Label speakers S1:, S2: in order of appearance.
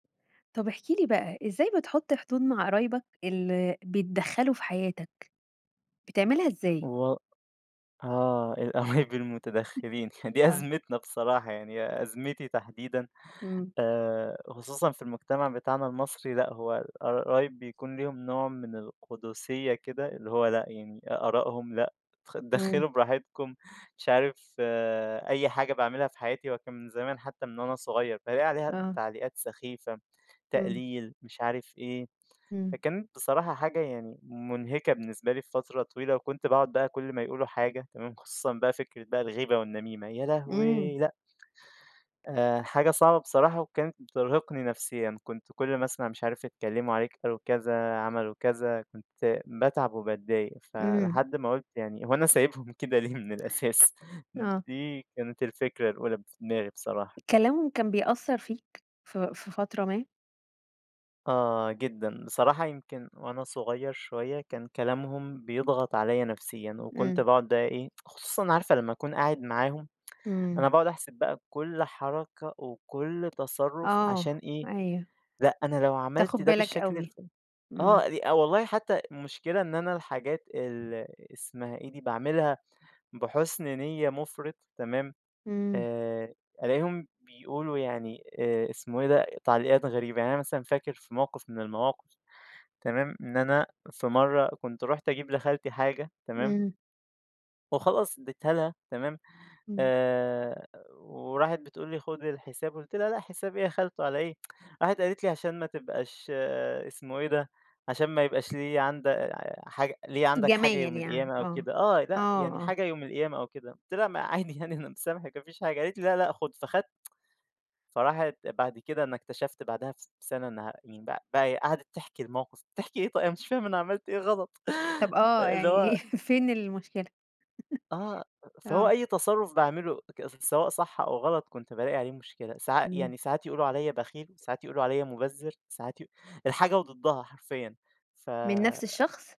S1: طب احكِ لي بقى، إزاي بتحُط حدود مع قرايبك ال بيتدخّلوا في حياتك، بتعملها إزاي؟
S2: هو آه. القرايب المتدخّلين دي
S1: آه.
S2: أزمتنا بصراحة. يعني أزمتي تحديدًا
S1: إمم.
S2: آآ خصوصًا في المجتمع بتاعنا المصري لأ، هو الق قرايب بيكون ليهم نوع من القٌدسيّة كده اللي هو لأ، يعني آراءهم لأ خد
S1: إمم.
S2: اتدخّلوا براحتكم، مش عارف أي حاجة باعملها في حياتي هو كان من زمان حتّى من وأنا صغير فالاقي عليها
S1: آه.
S2: تعليقات سخيفة،
S1: إمم.
S2: تقليل مش عارف إيه،
S1: إمم.
S2: فكانت بصراحة حاجة يعني مُنهِكة بالنسبة لي في فترة طويلة وكنت باقعد بقى كل ما يقولوا حاجة تمام. خصوصًا بقى فكرة بقى الغيبة والنميمة يا
S1: إمم.
S2: لهوي لأ. آآ حاجة صعبة بصراحة وكانت بترهقني نفسيًا. كنت كل مثلًا مش عارف اتكلّموا عليك قالوا كذا، عملوا كذا، كنت باتعب وباتضايق.
S1: إمم.
S2: فلحد ما قُلت يعني هو أنا سايبهم كده ليه من الأساس؟
S1: آه.
S2: دي كانت الفكرة الأولى ب في دماغي بصراحة.
S1: كلامهم كان بيأثّر فيك في في فترة ما؟
S2: آه جدًا. بصراحة يمكن وأنا صغير شوية كان كلامهم بيضغط عليّا نفسيًا وكنت
S1: إمم.
S2: باقعد بقى إيه خصوصًا عارفة لمّا أكون قاعد معاهم،
S1: إمم.
S2: أنا باقعد أحسب بقى كل حركة، وكل تصرُّف عشان
S1: آه.
S2: إيه،
S1: أيوه.
S2: لأ أنا لو
S1: تاخُد
S2: عملت ده
S1: بالك
S2: بالشكل الف
S1: أوي.
S2: آه.
S1: إمم.
S2: أ والله حتّى المشكلة إن أنا الحاجات ال اسمها إيه دي؟ باعملها بحُسْن نِيّة مُفرِط تمام،
S1: إمم.
S2: آآ ألاقيهم بيقولوا يعني آآ اسمه ايه ده؟ تعليقات غريبة. يعني أنا مثلًا فاكر في موقف من المواقف تمام، إن أنا في مرّة كنت رُحت أجيب لخالتي حاجة تمام؟
S1: إمم.
S2: وخلاص ادّيتها لها تمام؟
S1: إمم.
S2: آآ وراحت بتقول لي: "خُد الحساب." قُلت لها: "لأ حساب إيه يا خالته علي إيه؟" راحت قالت لي: "عشان ما تبقاش" اسمه إيه ده؟ عشان ما يبقاش ليّا عند حاجة ليّا عندك حاجة
S1: جمايل
S2: يوم
S1: يعني.
S2: القيامة أو
S1: آه.
S2: كده آه.
S1: آه،
S2: لأ، يعني
S1: آه.
S2: حاجة يوم القيامة أو كده. قُلت لها: "ما عادي يعني أنا مسامحِك ما فيش حاجة." قالت لي: "لا لأ خُد." فخدت فراحت بعد كده أنا اكتشفت بعدها بس سَنة إنّها يعني ب بقي هي قعدت تحكي الموقف، بتحكي إيه طي أنا مش فاهم أنا عملت إيه غلط؟
S1: طب آه،
S2: أ اللي
S1: يعني
S2: هو
S1: فين المشكلة؟
S2: آه. فهو
S1: آه.
S2: أي تصرُّف باعمله ت سواء صح أو غلط، كنت بالاقي عليه مشكلة. ساع
S1: إمم.
S2: يعني ساعات يقولوا عليّا بخيل، ساعات يقولوا عليّا مُبزِر، ساعات ي الحاجة وضدّها حرفيًا. ف
S1: من نفس الشخص؟